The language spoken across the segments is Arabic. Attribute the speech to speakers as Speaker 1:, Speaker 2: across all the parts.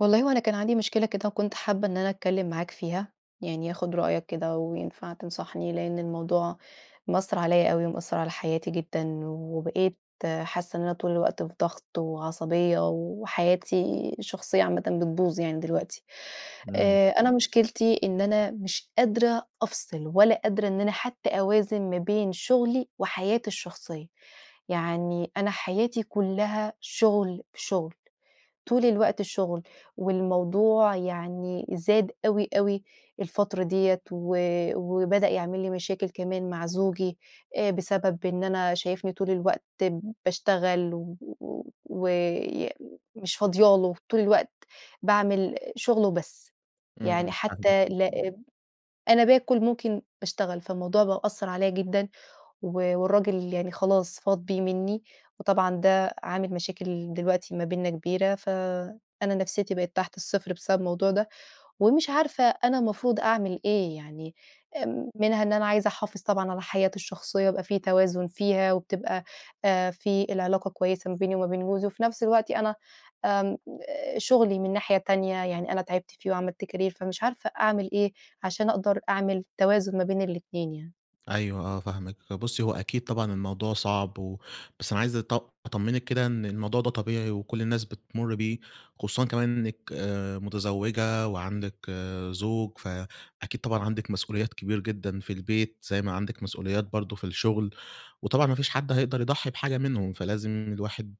Speaker 1: والله هو أنا كان عندي مشكلة كده وكنت حابة إن أنا أتكلم معاك فيها، يعني آخد رأيك كده وينفع تنصحني، لأن الموضوع مأثر عليَّ أوي، ومأثر على حياتي جدًا، وبقيت حاسة إن أنا طول الوقت في ضغط وعصبية، وحياتي الشخصية عامةً بتبوظ يعني دلوقتي.
Speaker 2: إمم.
Speaker 1: آآ أنا مشكلتي إن أنا مش قادرة أفصل، ولا قادرة إن أنا حتى أوازن، ما بين شغلي وحياتي الشخصية، يعني أنا حياتي كلها شغل في شغل، طول الوقت شغل، والموضوع يعني زاد أوي، أوي الفترة دِيَّة، و وبدأ يعمل لي مشاكل كمان مع زوجي، آآ بسبب إن أنا شايفني طول الوقت باشتغل و وي مش فاضية له، طول الوقت باعمل شغل وبس. يعني
Speaker 2: إمم. [unintelligible]
Speaker 1: حتى لا أنا باكل، ممكن باشتغل، فالموضوع بقى أثرعليَّ جدًا، و والراجل يعني خلاص فاض بيه منّي، وطبعًا ده عامل مشاكل دلوقتي ما بيننا كبيرة، فأنا نفسيتي بقت تحت الصفر بسبب الموضوع ده، ومش عارفة أنا المفروض أعمل إيه؟ يعني إمم منها إن أنا عايزة أحافظ طبعًا على حياتي الشخصية، يبقى في توازن فيها، وبتبقى آآ في العلاقة كويسة ما بيني وما بين جوزي، وفي نفس الوقت أنا آمم شغلي من ناحية تانية، يعني أنا تعبت فيه وعملت كارير، فمش عارفة أعمل إيه عشان أقدر أعمل توازن ما بين الاتنين يعني؟
Speaker 2: أيوه آه فاهمِك. بُصّي هو أكيد طبعًا الموضوع صعب و بس أنا عايز أط أطمنِك كده، إن الموضوع ده طبيعي وكل الناس بتمر بيه، خصوصًا كمان إنِك آآ متزوجة وعندِك زوج، فأكيد طبعًا عندِك مسؤوليات كبير جدًا في البيت، زي ما عندِك مسؤوليات برضه في الشغل، وطبعًا ما فيش حد هيقدر يضحي بحاجة منهم، فلازم الواحد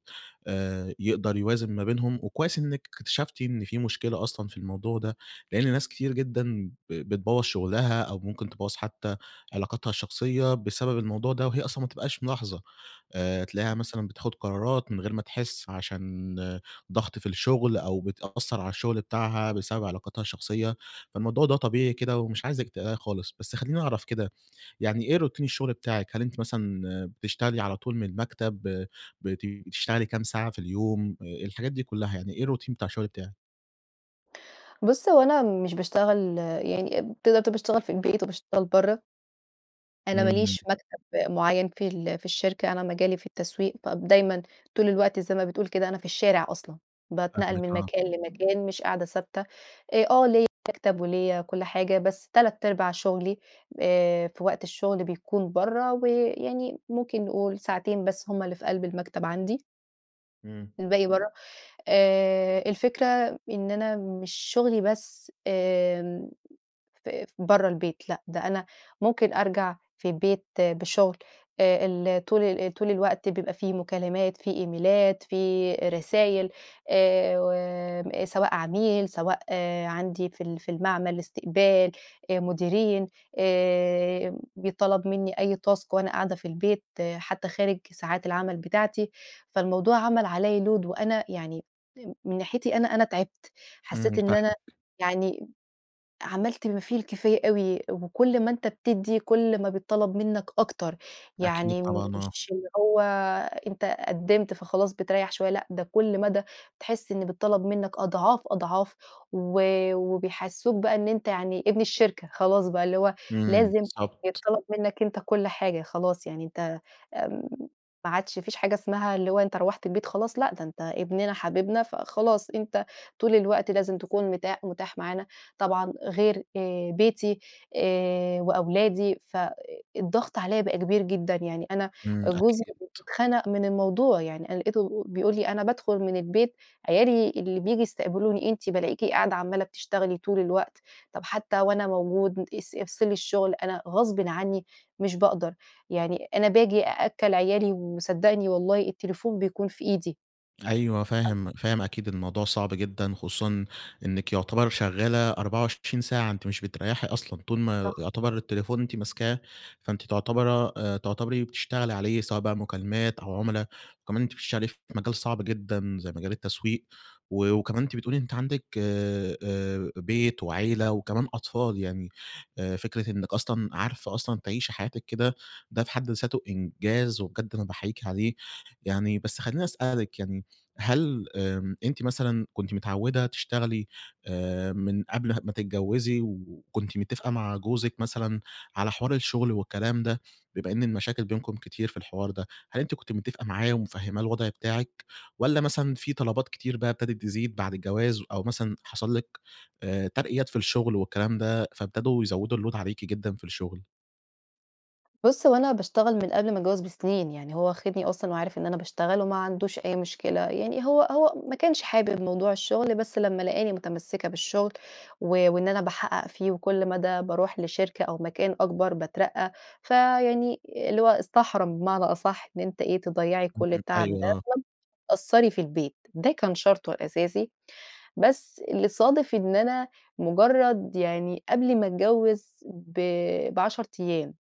Speaker 2: آآ يقدر يوازن ما بينهم، وكويس إنِك اكتشفتِ إن في مشكلة أصلًا في الموضوع ده، لأن ناس كتير جدًا ب بتبوَّظ شغلها أو ممكن تبوَّظ حتى علاقاتها الشخصية بسبب الموضوع ده، وهي أصلًا ما بتبقاش ملاحظة. آآ تلاقيها
Speaker 1: [unintelligible]
Speaker 2: مثلًا بتاخد قرارات من غير ما تحس، عشان ضغط في الشغل، أو بتأثر على الشغل بتاعها بسبب علاقاتها الشخصية، فالموضوع ده طبيعي كده، ومش عايزِِك تقلقي خالص. بس خليني أعرف كده، يعني إيه روتين الشغل بتاعِك، هل أنتِ مثلًا بتشتغلي على طول من المكتب، بت بتشتغلي كام ساعة في اليوم، آآ الحاجات دي كلها، يعني إيه الروتين بتاع الشغل بتاعِك؟
Speaker 1: بُص، هو أنا مش باشتغل، يعني اب تقدَر تقول باشتغل في البيت وباشتغل برَّه. أنا ما
Speaker 2: امم.
Speaker 1: ليش مكتب مُعيّن في ال في الشركة، أنا مجالي في التسويق، فدايمًا طول الوقت زي ما بتقول كده، أنا في الشارع أصلًا، باتنقَّل من
Speaker 2: فاهمكِ، آه.
Speaker 1: مكان لمكان، مش قاعدة ثابتة، أ آه، ليّا مكتب وليّا كُل حاجة، بس تلات أرباع شُغلي آآ، في وقت الشغل بيكُون برّه، ويعني ممكن نقول ساعتين بس هُم اللي في قلْب المكتب عندي.
Speaker 2: امم.
Speaker 1: الباقي برَّه. آآ، الفكرة إن أنا مش شُغلي بس آمم، ف برَّه البيت، لأ، ده أنا ممكن أرجَع في البيت بشُغل أ ال طُول طُول الوقت بيبقى في مكالمات، في إيميلات، في رسايل، آآ، سواء عميل، سواء آآ و عَندي في ال في المعمل، إستقبال، مديرين، آآ بيتْطلب منّي أي تاسك وأنا قاعدة في البيت حتى خارج ساعات العمل بتاعتي. فالموضوع عمَل عليَّ لود وأنا يعني، م من ناحيتي أنا أنا تعِبت،
Speaker 2: امم.
Speaker 1: حسّيت إن أنا
Speaker 2: فاهمكِ.
Speaker 1: يعني عمَلت ما فيه الكفاية أوي وكل ما أنت بتدّي، كل ما بيتْطلب منك أكتر.
Speaker 2: أكيد
Speaker 1: يعني
Speaker 2: طبعًا، آه.
Speaker 1: مش اللي هو أنت قِّدمت فخلاص، بتريّح شويّة، لأ ده كل مدى بتحس إن بيتطلب منك أضعاف، أضعاف، و وبيحسّسوك بقى إن أنت يعني ابن الشركة، خلاص بقى، اللي هو
Speaker 2: امم.
Speaker 1: لازم
Speaker 2: بالضبط.
Speaker 1: يتْطلب منك أنت كل حاجة، خلاص يعني أنت آمم، ما عادش ما فيش حاجة اسمها اللي هو أنت رُوحت البيت خلاص، لأ ده أنت ابننا حبيبنا، فخلاص، أنت طول الوقت لازم تكون متاح متاح معانا، طبعًا غير آآ بيتي آآ وأولادي، فالضغط عليَّ بقى كبير جدًا. يعني أنا
Speaker 2: امم،
Speaker 1: جوزي
Speaker 2: أكيد.
Speaker 1: اتخنق من الموضوع، يعني أنا لقيته بيقول لي: "أنا بادخل من البيت عيالي اللي بييجوا يستقبلوني، أنتِ بالاقيكِ قاعدة عمّالة بتشتغلي طُول الوقت، طَب حتى وأنا موجود أس افصلي الشغل." أنا غصبًا عنّي مش باقدَر، يعني أنا باجي أأكّل عيالي وصدّقني والله التليفون بيكون في إيدي.
Speaker 2: أيوه،
Speaker 1: [unintelligible]
Speaker 2: فاهم، فاهم أكيد الموضوع صعب جدًا، خصوصًا إنِك يعتبر شغالة 24 ساعة أنتِ مش بتريّحي أصلًا، طول ما
Speaker 1: صح.
Speaker 2: يعتبر التليفون أنتِ ماسكاه، فأنتِ تعتبره آآ تعتبري بتشتغلي عليه، سواء بقى مكالمات أو عملا، وكمان أنتِ بتشتغلي في مجال صعب جدًا زي مجال التسويق، و وكمان أنتِ بتقولي أنتِ عندِك آآ آآ بيت وعيلة وكمان أطفال يعني، آآ فكرة إنِك أصلًا عارفة أصلًا تعيشي حياتِك كده، ده في حد ذاته إنجاز، وبجد أنا باحيّيكِ عليه، يعني بس خلّيني أسألِك يعني، هل آآ أنتِ مثلًا كنتِ متعودة تشتغلي آآ من قبل ما تتجوزي، و وكنتِ متفقة مع جوزِك مثلًا على حوار الشغل والكلام ده، بما إن المشاكل بينكم كتير في الحوار ده، هل أنتِ كنتِ متفقة معاه ومفهماه الوضع بتاعِك، والّا مثلًا في طلبات كتير بقى ابتدت تزيد بعد الجواز، أو مثلًا حصل لِك آآ ترقيات في الشغل والكلام ده، فابتدوا يزوّدوا الLoad عليكِ جدًا في الشغل؟
Speaker 1: بُص، هو أنا باشتغل من قبل ما أتجوز بسنين، يعني هو واخدني أصلًا وعارف إن أنا باشتغل وما عندوش أي مشكلة، يعني هو هو ما كانش حابب موضوع الشغل، بس لما لقاني متمسكة بالشغل و وإن أنا باحقق فيه، وكل مدى باروح لشركة أو مكان أكبر باترقى، فيعني اللي هو استحرم بمعنى أصح، إن أنتِ إيه تضيّعي كل
Speaker 2: إمم
Speaker 1: التعب
Speaker 2: أيوه،
Speaker 1: ده
Speaker 2: آه.
Speaker 1: [unintelligible] تقصّري في البيت، ده كان شرطه الأساسي. بس اللي صادف إن أنا مجرد يعني قبل ما أتجوز ب ب10 أيام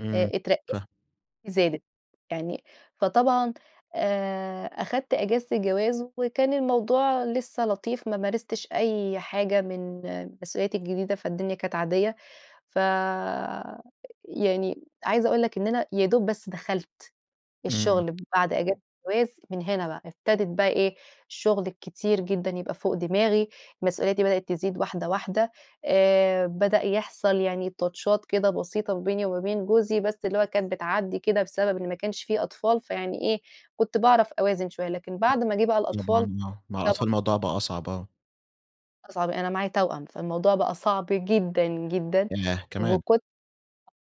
Speaker 2: إمم
Speaker 1: أ اترقيت
Speaker 2: فه
Speaker 1: زادت يعني فطبعًا آآ أخدت أجازة الجواز وكان الموضوع لسّه لطيف، ما مارستش أي حاجة من مسؤولياتي الجديدة فالدنيا كانت عاديّة، فيعني، عايزة أقول لك إن أنا يا دوب بس دخلت
Speaker 2: إمم..
Speaker 1: الشغل من بعد أجازه الجواز من هنا بقى ابتدت بقى إيه، الشغل الكتير جدًا يبقى فوق دماغي، مسؤولياتي بدأت تزيد واحدة واحدة، آآ بدأ يحصل يعني تاتشات كده بسيطة ما بيني وما بين جوزي، بس اللي هو كان بتعدي كده بسبب إن ما كانش في أطفال، فيعني إيه كنت باعرف أوازن شويّة، لكن بعد ما جه بقى الأطفال.
Speaker 2: طبعًا آه مع
Speaker 1: [unintelligible]
Speaker 2: الأطفال الموضوع بقى أصعب، آه.
Speaker 1: بقى صعب أنا معايا توأم فالموضوع بقى صعب جدًا جدًا،
Speaker 2: ياه كمان.
Speaker 1: وكنت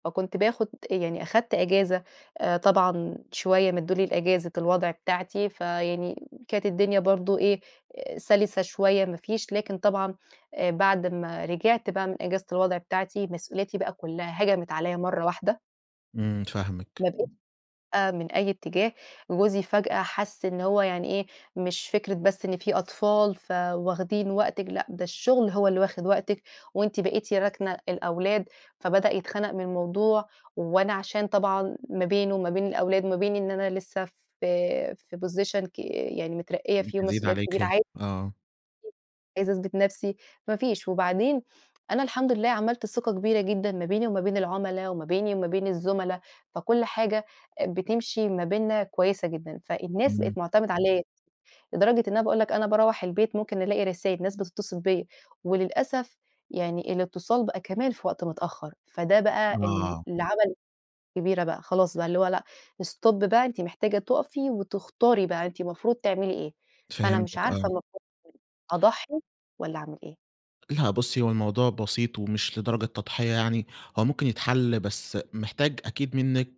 Speaker 1: فكنت باخد أ يعني أخدت إجازة آآ طبعًا شويّة مدّولي إجازة الوضع بتاعتي، فيعني كانت الدنيا برضو إيه، آآ سلسة شويّة ما فيش، لكن طبعًا آآ بعد ما رجعت بقى من إجازة الوضع بتاعتي مسؤولياتي بقى كلّها هجمت عليَّ مرّة واحدة.
Speaker 2: امم فاهمِك.
Speaker 1: [unintelligible] آآ من أي اتجاه جوزي فجأة حس إن هو يعني إيه، مش فِكرة بس إن في أطفال فواخدين وقتِك، لأ ده الشغل هو اللي واخد وقتِك، وأنتِ بقيتِ راكنة الأولاد، فبدأ يتخنق من الموضوع، وأنا عشان طبعًا ما بينه وما بين الأولاد وما بين إن أنا لسّه في في position ك يعني مترقية
Speaker 2: [unintelligible]
Speaker 1: فيه
Speaker 2: تزيد
Speaker 1: ومسؤوليات كبيرة
Speaker 2: عليكِ،
Speaker 1: ع [unintelligible]
Speaker 2: آه.
Speaker 1: عايزة أثبت نفْسي ما فيش، وبعدين أنا الحمد لله عملت ثقة كبيرة جدًا ما بيني وما بين العملا، وما بيني وما بين الزملا، فكل حاجة بتمشي ما بيننا كويّسة جدًا، فالناس
Speaker 2: امم.
Speaker 1: بقت معتمدة عليَّ، لدرجة إن أنا باقول لك أنا باروّح البيت ممكن الاقي رسايل ناس بتتصل بيَّ، وللأسف يعني الاتصال بقى كمان في وقت متأخّر، فده بقى ال
Speaker 2: آه.
Speaker 1: اللي عمل كبيرة بقى خلاص بقى اللي هو لأ، stop بقى أنتِ محتاجة تقفي وتختاري بقى أنتِ مفروض تعملي إيه؟ فأنا مش
Speaker 2: فهمتِك
Speaker 1: عارفة
Speaker 2: آه.
Speaker 1: المفروض [unintelligible] أضحّي والّا أعمل إيه؟
Speaker 2: لأ بُصّي هو الموضوع بسيط ومش لدرجة تضحية يعني، هو ممكن يتحل بس محتاج أكيد منِّك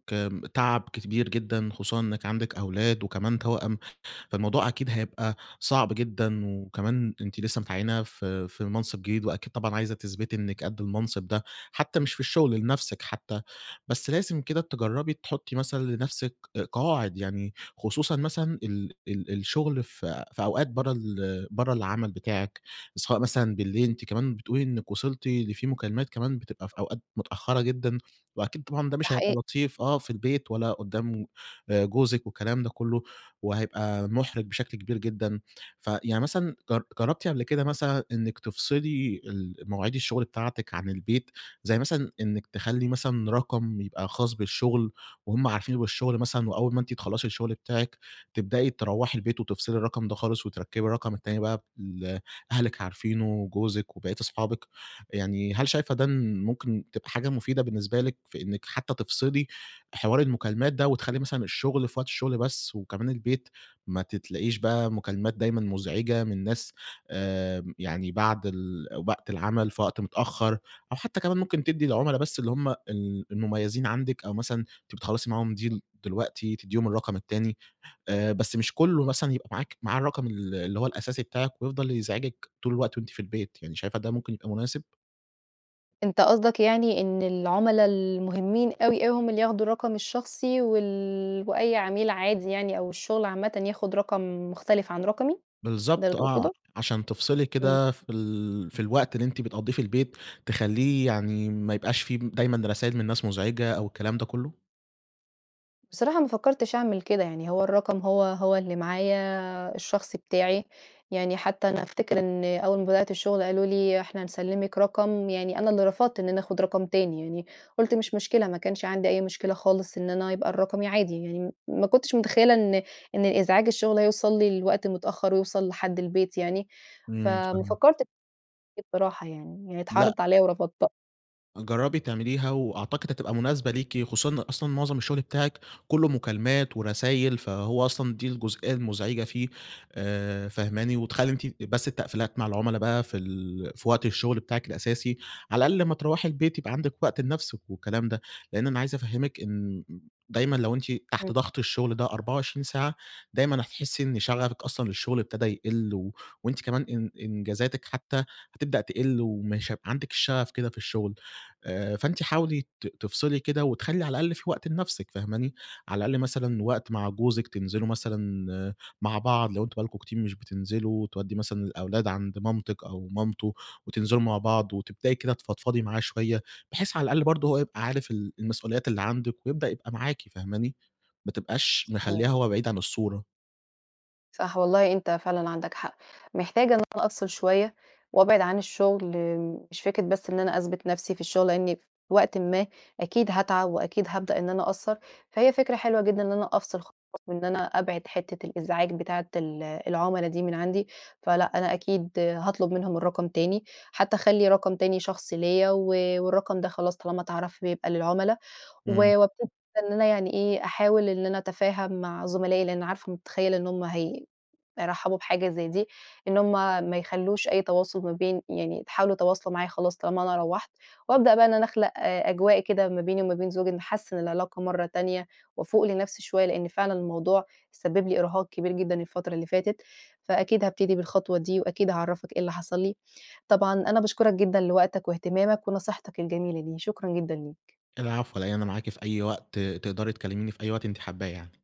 Speaker 2: تعب كبير جدًا خصوصًا إنِّك عندِك أولاد، وكمان توأم، فالموضوع أكيد هيبقى صعب جدًا وكمان أنتِ لسّه متعيِّنة في في المنصِب جديد، وأكيد طبعًا عايزة تثبتي إنِّك قد المنصِب ده، حتّى مش في الشغل لنفسِك حتّى، بس لازم كده تجرّبي تحطّي مثلًا لنفْسِك قواعد يعني، خصوصًا مثلًا ال ال الشغل في في أوقات برّه ال برّه العمل بتاعِك، سواء مثلًا بالليل، أنتِ كمان بتقولي إنِّك وصلتِ لفي مكالمات كمان بتبقى في أوقات متأخرة جدًا، وأكيد طبعًا ده
Speaker 1: ده
Speaker 2: مش هيبقى
Speaker 1: حقيقي.
Speaker 2: لطيف آه في البيت ولا قدّام آآ جوزِك والكلام ده كُلّه، وهيبقى مُحرِج بشكل كبير جدًا، فيعني مثلًا جر جرّبتِ قبل كده مثلًا إنِّك تفصلي المواعيد الشغل بتاعتِك عن البيت، زي مثلًا إنِّك تخلّي مثلًا رقم يبقى خاص بالشغل، وهُم عارفين بالشغل مثلًا وأوّل ما أنتِ تخلّصي الشغل بتاعِك، تبدأي تروّحي البيت وتفصلي الرقم ده خالص وتركّبي الرقم التاني بقى، ب اللي أهلِك عارفينه وجوزِك وبقيّة أصحابِك، يعني هل شايفة ده ن ممكن تبقى حاجة مفيدة بالنسبة لِك في إنِّك حتّى تفصلي حوار المكالمات ده، وتخلّي مثلًا الشغل في وقت الشغل بس، وكمان البيت ما ت تلاقيش بقى مكالمات دايمًا مزعجة من ناس، آآ يعني بعد ال وقت العمل في وقت متأخّر، أو حتّى كمان ممكن تدّي العملا بس اللي هُم ال المميّزين عندِك أو مثلًا، أنتِ بتخلّصي معاهم deal دلوقتي تدّيهم الرقم التاني، آآ بس مش كُلّه
Speaker 1: [unintelligible]
Speaker 2: مثلًا يبقى معاك معاه الرقم ال اللي هو الأساسي بتاعِك، ويفضل يزعجِك طول الوقت وأنتِ في البيت، يعني شايفة ده ممكن يبقى مناسب؟
Speaker 1: أنت قصدك يعني إن العُملا المهمين أوي، أوي هم اللي ياخدوا الرقم الشخصي وال وأي عميل عادي يعني أو الشغل عامةً، ياخُد رقم مختلف عن رقمي، ده اللي
Speaker 2: بالضبط آه،
Speaker 1: تقصده؟
Speaker 2: عشان تفصلي
Speaker 1: إمم.
Speaker 2: كده في ال في الوقت اللي أنتِ بتقضّيه في البيت، تخلّيه يعني ما يبقاش في م دايمًا رسايل من ناس مزعجة أو الكلام ده كُلّه.
Speaker 1: بصراحة ما فكّرتش أعمل كده. يعني هو الرقم هو، هو اللي معايا الشخصي بتاعي. يعني حتّى أنا أفتكر إن أول ما بدأت الشغل قالوا لي: "إحنا هنسلِّمِك رقم." يعني أنا اللي رفضت إن أنا آخُد رقم تاني يعني. قُلت: "مش مشكلة." ما كانش عندي أي مشكلة خالص إن أنا يبقى الرقم عادي. يعني م ما كنتش مُتخيّلة إن إن إزعاج الشغل هيوصل لي لوقت متأخّر ويوصل لحد البيت يعني.
Speaker 2: إمم،
Speaker 1: فما
Speaker 2: فهمتِك.
Speaker 1: فكّرت بصراحة يعني، يعني
Speaker 2: لأ.
Speaker 1: اتعرضت عليّا ورفضتها.
Speaker 2: جرّبي تعمليها وأعتقد هتبقى مناسبة ليكِ، خصوصًا إن أصلًا معظم الشغل بتاعِك كُلّه مكالمات ورسايل، فهو أصلًا دي الجزئية المزعجة فيه، آآ، فهماني؟ وتخلّي أنتِ بس التقفيلات مع العُملا بقى في ال في وقت الشغل بتاعِك الأساسي، على الأقل لمّا تروّحي البيت يبقى عندِك وقت لنفسِك والكلام ده. لإن أنا عايز أفهِّمِك إن دايمًا لو أنتِ
Speaker 1: إمم.
Speaker 2: تحت ضغط الشغل ده 24 ساعة، دايمًا هتحسّي إن شغفِك أصلًا للشغل أبتدى يقِل و وأنتِ كمان إن إنجازاتِك حتّى هتبدأ تقِل ومش هيبقى عندِك الشغف كده في الشغل. آآ، فأنتِ حاولي ت تفصلي كده وتخلّي على الأقل في وقت لنفسِك، فهماني؟ على الأقل مثلًا وقت مع جوزِك تنزلوا مثلًا مع بعض لو أنتم بقى لكم كتير مش بتنزلوا، وتودّي مثلًا الأولاد عند مامتِك أو مامته وتنزلوا مع بعض، وتبدئي كده تفضفضي معاه شوية، بحيث على الأقل برضه هو يبقى عارف ال المسؤوليات اللي عندِك ويبدأ يبقى معاكِ، فهماني؟ ما تبقاش
Speaker 1: صحيح.
Speaker 2: مخلّياه هو بعيد عن الصورة.
Speaker 1: صح. والله أنت فعلًا عندك حق. محتاجة إن أنا أفصل شوية وابعد عن الشغل، مش فكرة بس إن أنا أثبت نفسي في الشغل لإني في وقتٍ ما أكيد هاتعب وأكيد هابدأ إن أنا أقصّر. فهي فكرة حلوة جدًا إن أنا أفصل خالص وإن أنا أبعد حتّة الإزعاج بتاعة ال العُملا دي من عندي. فلأ، أنا أكيد هاطلب منهم الرقم تاني، حتّى أخلّي رقم تاني شخصي ليّا و والرقم ده خلاص طالما اتعرف بيبقى للعُملا. و
Speaker 2: إمم.
Speaker 1: وابتدي إن أنا يعني إيه، أحاول إن أنا أتفاهم مع زملائي لإن عارفة ومُتخيّلة إن هم هي هيرحّبوا بحاجة زي دي. إن هم ما يخلّوش أي تواصل ما بين يعني يحاولوا يتواصلوا معايا خلاص طالما أنا روّحت. وابدأ بقى إن أنا أخلق أجواء كده ما بيني وما بين زوجي نحسِّن العلاقة مرّة تانية وافوق لنفسي شوية لإن فعلًا الموضوع سبِّب لي إرهاق كبير جدًا الفترة اللي فاتت. فأكيد هابتدي بالخطوة دي وأكيد هاعرّفك إيه اللي حصل لي. طبعًا أنا باشكُرك جدًا لوقتك واهتمامك ونصيحتك الجميلة دي، شكرًا جدًا ليك.
Speaker 2: العفو، على إيه؟ أنا معاكِ في أي وقت، تقدري تكلّميني في أي وقت أنتِ حابّاه يعني.